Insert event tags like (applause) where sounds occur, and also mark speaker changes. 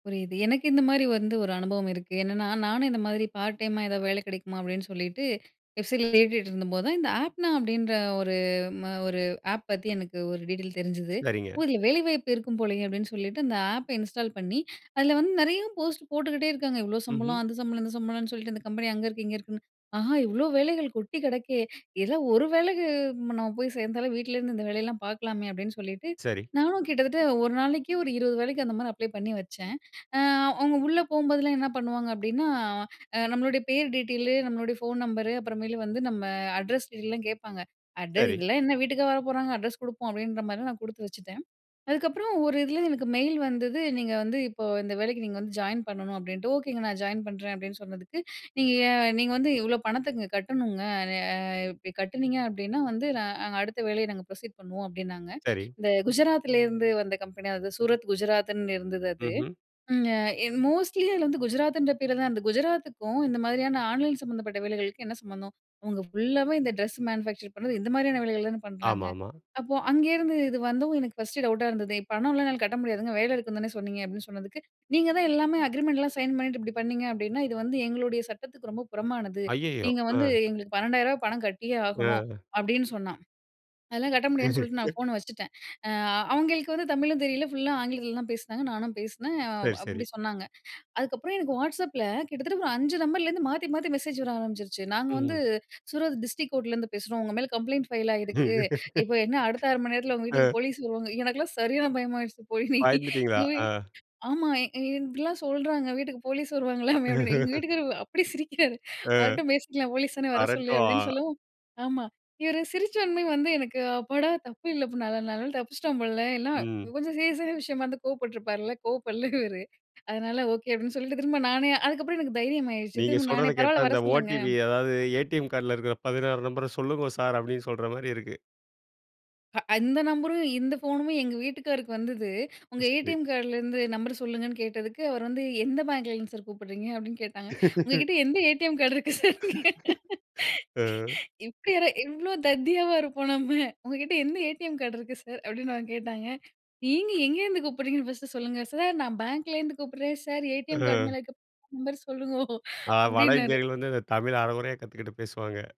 Speaker 1: புரியுது. எனக்கு இந்த மாரி வந்து ஒரு அனுபவம் இருக்கு. என்னென்னா, நானும் இந்த மாரி பார்ட் டைம்மா ஏதாவது வேலை கெடைக்குமா அப்படின்னு சொல்லிட்டு வெப்சைட்ல தேடிட்டு இருந்த போது தான், இந்த "ஆப்னா" அப்டீன்ற ஒரு ஒரு ஆப் பத்தி எனக்கு ஒரு டீட்டெயில் தெரிஞ்சது.
Speaker 2: சரிங்க.
Speaker 1: ஓ! இதில வேலைவாய்ப்பு இருக்கும் போலயே அப்படின்னு சொல்லிட்டு அந்த ஆப்ப இன்ஸ்டால் பண்ணி அதில வந்து நெறைய போஸ்ட் போட்டுக்கிட்டே இருக்காங்க. இவ்ளோ சம்பளம்,
Speaker 2: ம்ஹும்.
Speaker 1: அந்த சம்பளம், இந்த சம்பளம்ன்னு சொல்லிட்டு இந்த கம்பெனி அங்க இருக்கு, இங்க இருக்குன்னு. ஆஹா! இவ்ளோ வேலைகள் கொட்டி கிடக்கே. இதெல்லாம் ஒரு வேளைக்கு நம்ம போய் சேர்ந்தாலும். வீட்லருந்து இந்த வேலையெல்லாம் பார்க்கலாமே அப்படின்னு சொல்லிட்டு
Speaker 2: சரி.
Speaker 1: நானும் கிட்டத்தட்ட ஒரு நாளைக்கு ஒரு 20 வேலைக்கு அந்த மாரி அப்ளை பண்ணி வச்ச. அவங்க உள்ள போகும்போதெல்லாம் என்ன பண்ணுவாங்க. அப்படின்னா, நம்மளுடைய பேர் டீட்டெயிலு, நம்மளுடைய ஃபோன் நம்பரு அப்புறமேல வந்து நம்ம அட்ரஸ் டீடெயில் எல்லா கேட்பாங்க. அட
Speaker 2: சரி.
Speaker 1: இதெல்லாம் என்ன வீட்டுக்கா வரப்போறாங்க அட்ரஸ் குடுப்போம். அப்படீன்ற மாரி நான் குடுத்து வச்சுட்டேன். அதுக்கப்புறம் ஒரு இதில எனக்கு மெயில் வந்தது. "நீங்க வந்து இப்போ இந்த வேலைக்கு நீங்க வந்து ஜாயின் பண்ணணும்." அப்படின்ட்டு, "ஓகேங்க நான் ஜாயின் பண்றேன்." அப்படீன்னு சொன்னதுக்கு நீங்க, "நீங்க வந்து இவ்வளோ பணத்த கட்டனுங்க. ஆ கட்டுனீங்க அப்படின்னா வந்து, நாங்க அடுத்த வேலைய நாங்க புரசீட் பண்ணுவோம்." அப்படின்னாங்க,
Speaker 2: சரி.
Speaker 1: இந்த குஜராத்திலிருந்து வந்த கம்பெனி சூரத் குஜராத்ன்னு இருந்தது. அது,
Speaker 2: ம்ஹும்.
Speaker 1: ம் மோஸ்ட்லி அது வந்து குஜராத்ன்ற பேருல தான் இருந்தது. குஜராத்துக்கும் இந்த மாரியான ஆன்லைன் சம்மந்தப்பட்ட வேலைகளுக்கும் என்ன சம்மந்தம். அவங்க ஃபுல்லாவே இந்த ட்ரெஸ் மேனுஃபேக்சர் பண்றது, இந்த மாரியான வேலைகள்ன்னு பண்றாங்க.
Speaker 2: ஆமாம்மா.
Speaker 1: அப்போ அங்கேந்து இது வந்தும் எனக்கு ஃபர்ஸ்ட்டு டவுட்டா இருந்தது. "பணம்லாம் என்னால கட்ட முடியாதுங்க. வேலை இருக்குன்னு தானே சொன்னீங்க." அப்படீன்னு சொன்னதுக்கு. "நீங்க தான் எல்லாமே அக்ரீமெண்ட்லாம் சைன் பண்ணிட்டு இப்படி பண்ணீங்க அப்படின்னா, இது வந்து எங்களுடைய சட்டத்துக்கு ரொம்ப புறமானது.
Speaker 2: அய்யயோ!
Speaker 1: நீங்க வந்து
Speaker 2: ஆ.
Speaker 1: எங்களுக்கு ரூ.12,000 ரூபாய் பணம் கட்டியே ஆகணும்."
Speaker 2: ஆ.
Speaker 1: அப்படின்னு சொன்னா, அதெல்லாம் கட்ட முடியாதுன்னு சொல்லிட்டு நான்
Speaker 2: (laughs)
Speaker 1: ஃபோன வச்சுட்டேன். ஆ அவங்களுக்கு வந்து தமிழும் தெரியல ஃபுல்லா ஆங்கிலத்தில தான் பேசினாங்க. நானும் பேசினே,
Speaker 2: சரி, சரி.
Speaker 1: அப்படி சொன்னாங்க. அதுக்கப்புறம் எனக்கு வாட்ஸ்அப்பில கிட்டத்தட்ட ஒரு 5 நம்பர்லருந்து மாத்தி மாத்தி மெசேஜ் வர ஆரம்பிச்சுருச்சு. "நாங்க வந்து
Speaker 2: ம்ஹும்.
Speaker 1: சூரத் டிஸ்டிரிக் கோர்ட்லேருந்து பேசுறோம். உங்க மேல கம்ப்ளைண்ட் ஃபைல் ஆயிருக்கு.
Speaker 2: (laughs)
Speaker 1: இப்ப என்ன அடுத்த 1/2 மணி நேரத்தில உங்க வீட்டுக்கு
Speaker 2: ஆ.
Speaker 1: போலீஸ் வருவாங்க. எனக்கெல்லாம் சரியான பயமாயிடுச்சு.
Speaker 2: பயந்துட்டீங்களா?
Speaker 1: (laughs) போய்
Speaker 2: ஆ.
Speaker 1: ஆமா இப்படிலா சொல்றாங்க வீட்டுக்கு போலீஸ் வருவாங்களாமே அப்படின்னு எங்க
Speaker 2: (laughs)
Speaker 1: வீட்டுக்காரர் அப்படி சிரிக்கிறாரு
Speaker 2: ஆ.
Speaker 1: வரட்டும் பேசிக்கலாம். போலீஸ் தானே வர சொல்லு.
Speaker 2: வரட்டும் ஆ.
Speaker 1: அப்படின்னு சொல்லவும். ஆமா, இவர் சிரிச்சோன்னே வந்து எனக்கு அப்பாடா தப்பு இல்ல, நல்ல நாள் தப்பிச்சிட்டோம் போல இல்ல
Speaker 2: ம்.
Speaker 1: கொஞ்சம் சீரியஸான விஷயமா இருந்தா கோவப்பட்டுருப்பாருல்ல கோவப்படல இவரு. அதனால ஓகே அப்படின்னு சொல்லிட்டு திரும்ப நானே அதுக்கப்புறம் எனக்கு தைரியம் ஆயிடுச்சு
Speaker 2: நீங்க
Speaker 1: திரும்ப நானே
Speaker 2: சொல்றத கேட்டா,
Speaker 1: பரவாயில்ல வர
Speaker 2: இந்த
Speaker 1: சொல்லுங்க.
Speaker 2: ஓடிபி அதாவது ATM கார்டில இருக்கிற 16 நம்பர சொல்லுங்கோ சார், அப்படீன்னு சொல்ற மாரி இருக்கு.
Speaker 1: அந்த நம்பரும் இந்த ஃபோனும் எங்க வீட்டுக்காருக்கு வந்தது. உங்க
Speaker 2: சரி.
Speaker 1: ஏடிஎம் கார்டுலேருந்து நம்பர் சொல்லுங்கன்னு கேட்டதுக்கு, அவரு வந்து எந்த பேங்க்ல இருந்து சார் கூப்பிட்றீங்க அப்படின்னு கேட்டாங்க. உங்க
Speaker 2: (laughs)
Speaker 1: கிட்ட எந்த ATM கார்டு இருக்கு சார்னு கேட்ட.
Speaker 2: (laughs) ஆ.
Speaker 1: இப்படி யாரா இவ்ளோ தத்தியாவா இருப்போம் நம்ம, "உங்க கிட்ட எந்த ஏடிஎம் கார்டு இருக்கு சார்?" அப்படீன்னு அவங்க கேட்டாங்க. நீங்க எங்கேருந்து கூப்பிடுறீங்கன்னு ஃபர்ஸ்ட்டு சொல்லுங்க சார். "நான் பேங்க்லேருந்து கூப்பிட்றேன் சார், ஏடிஎம் கார்டு
Speaker 2: ஆ.
Speaker 1: மேல இருக்கிற நம்பர் சொல்லுங்கோ
Speaker 2: ஆ, வட
Speaker 1: அப்படின்னாரு."
Speaker 2: இந்தியர்கள் வந்து, இந்த தமிழ் அரகுறையா கத்துக்கிட்டு பேசுவாங்க.